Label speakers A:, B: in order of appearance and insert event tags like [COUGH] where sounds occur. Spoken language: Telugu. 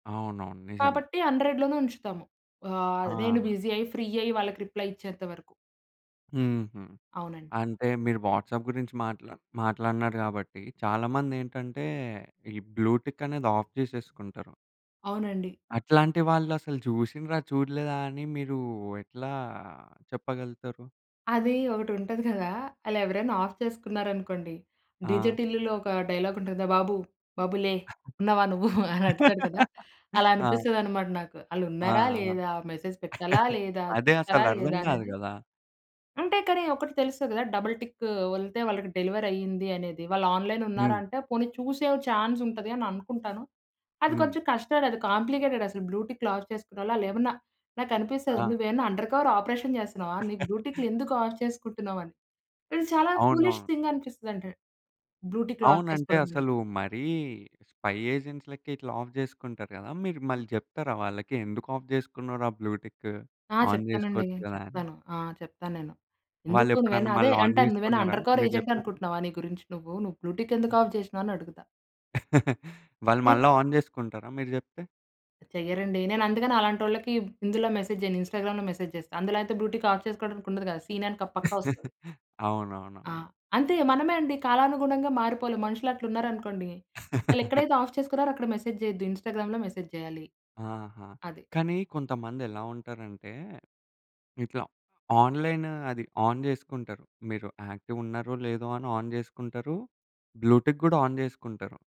A: అవునవును. నిజమే.
B: కాబట్టి, 100 లోనే ఉంచుతాము. ఆహ్, నేను
A: ఆ!
B: బిజీ అయ్యి, ఫ్రీ అయ్యి, వాళ్ళకి రిప్లై ఇచ్చేంత వరకు.
A: హుహు.
B: అవునండి.
A: అంటే మీరు వాట్సాప్ గురించి మాట్లా మాట్లాడినరు గాబట్టి, చాలా మందేంటటే, ఈ బ్లూటిక్ అనేది ఆఫ్ జేసేసుకుంటారు.
B: అవునండి.
A: అట్లాంటి వాళ్ళు అసలు చూసిండ్రా? చూడలేదా? అని మీరు ఎట్లా చెప్పగలుగుతారు?
B: అది ఒకటి ఉంటది గదా! అలా ఎవరైనా ఆఫ్ చేసుకున్నారు అనుకోండి. డిజె
A: ఆ!
B: టిల్లులో ఒక డైలాగ్ ఉంటుంది, "బాబు, బాబు లే ఉన్నావా నువ్వు" అని అడుగుతాడు, కదా!
A: [LAUGHS]
B: అలా
A: ఆ!
B: అనిపిస్తదన్నమాట నాకు. ఆళ్ళు
A: ఆ!
B: ఉన్నారా
A: ఆ!
B: లేదా? మెసేజ్ పెట్టాలా
A: [CHUCKLES]
B: లేదా?
A: అదే అసలు
B: చూస్తారా
A: అర్ధం
B: లేదా?
A: గాదు
B: అనేది.
A: గదా!
B: అంటే, కానీ ఒకటి తెలుస్తది గదా! డబుల్ టిక్ వెళ్తే, వాళ్ళకి డెలివరీ అయ్యింది అనేది. వాళ్ళు ఆన్‌లైన్ ఉన్నారా
A: హ్మ్.
B: అంటే, పోనీ చూసే ఛాన్సుంటది అని అనుకుంటాను. అది
A: హ్మ్.
B: కొంచెం కష్టం, అది కాంప్లికేటెడ్ అసలు బ్లూటిక్లు ఆఫ్ చేసుకున్నోళ్ళు, ఆళ్ళేమన్నా నాకు అనిపిస్తది,
A: ఆ!
B: నువ్వేమన్నా అండర్ కవర్ ఆపరేషన్ జేస్తున్నావా? నీకు
A: [CHUCKLES]
B: బ్లూటిక్లు ఎందుకు ఆఫ్ చేసుకుంటున్నావు? అని. ఇది చాలా
A: అవును.
B: ఫూలిష్ థింగ్ అనిపిస్తుందంట, బ్లూటిక్లు ఆఫ్
A: అవునంటే,
B: చేసుకోవడం అనేది.
A: అసలు మరీ స్పై ఏజెంట్స్ లెక్క, ఇట్లా ఆఫ్ చేసుకుంటారు గదా! మీరు మళ్ళీ జెప్తారా వాళ్ళకి? ఎందుకు ఆఫ్ చేసుకున్నావురా బ్లూటిక్?
B: ఆ!
A: ఆన్
B: చెప్తానండి.
A: జేసుకోవచ్చు గదా! అని.
B: చెప్తాను. ఆ! చెప్తా నేను. ఎందుకు నువ్వైనా
A: వాళ్ళేప్పుడన్నా
B: అదే
A: మళ్ళి ఆన్
B: అంటాను. "నువ్వైనా
A: జేసుకున్నారా?
B: అండర్ కవర్
A: మీరు
B: ఏజెంట్
A: చెప్పారని.
B: అనుకుంటున్నావా నీ గురించి నువ్వు? నువ్వు బ్లూటిక్ ఎందుకు
A: హ్మ్.
B: ఆఫ్ జేసినావు?" అని అడుగుతా.
A: [CHUCKLES] వాళ్ళు
B: నేను
A: మళ్ళా ఆన్ చేసుకుంటారా మీరు జేప్తే?
B: చెయ్యరండి. నేను అందుకని అలాంటోళ్ళకి ఇందులో మెసేజ్ జేయను. ఇన్స్టాగ్రామ్‌లో మెసేజ్ జేస్తా. అందులో అయితే బ్లూటిక్ ఆఫ్ చేసుకోవడానికి ఉండదు కదా! సీన్ అని క పక్కా ఒస్తది.
A: [CHUCKLES]
B: ఆ!
A: అవునవునవును.
B: అంతే మనమే అండి. కాలానుగుణంగా మారిపోవాలి. మనుషులట్లూన్నారనుకోండి,
A: [LAUGHS]
B: వాళ్ళేక్కడైతే ఆఫ్ చేసుకున్నారో అక్కడ మెసేజ్ చేయొద్దు, ఇన్స్టాగ్రామ్‌లో మెసేజ్ చేయాలి.
A: ఆహా!
B: అది.
A: కానీ కొంతమందెలా ఉంటారంటే, ఇట్లా ఆన్‌లైన్ అది ఆన్ జేసుకుంటరు. మీరు యాక్టివ్ ఉన్నారో, లేదో అని ఆన్ జేసుకుంటారు. బ్లూటిక్ గూడా ఆన్ జేసుకుంటారు.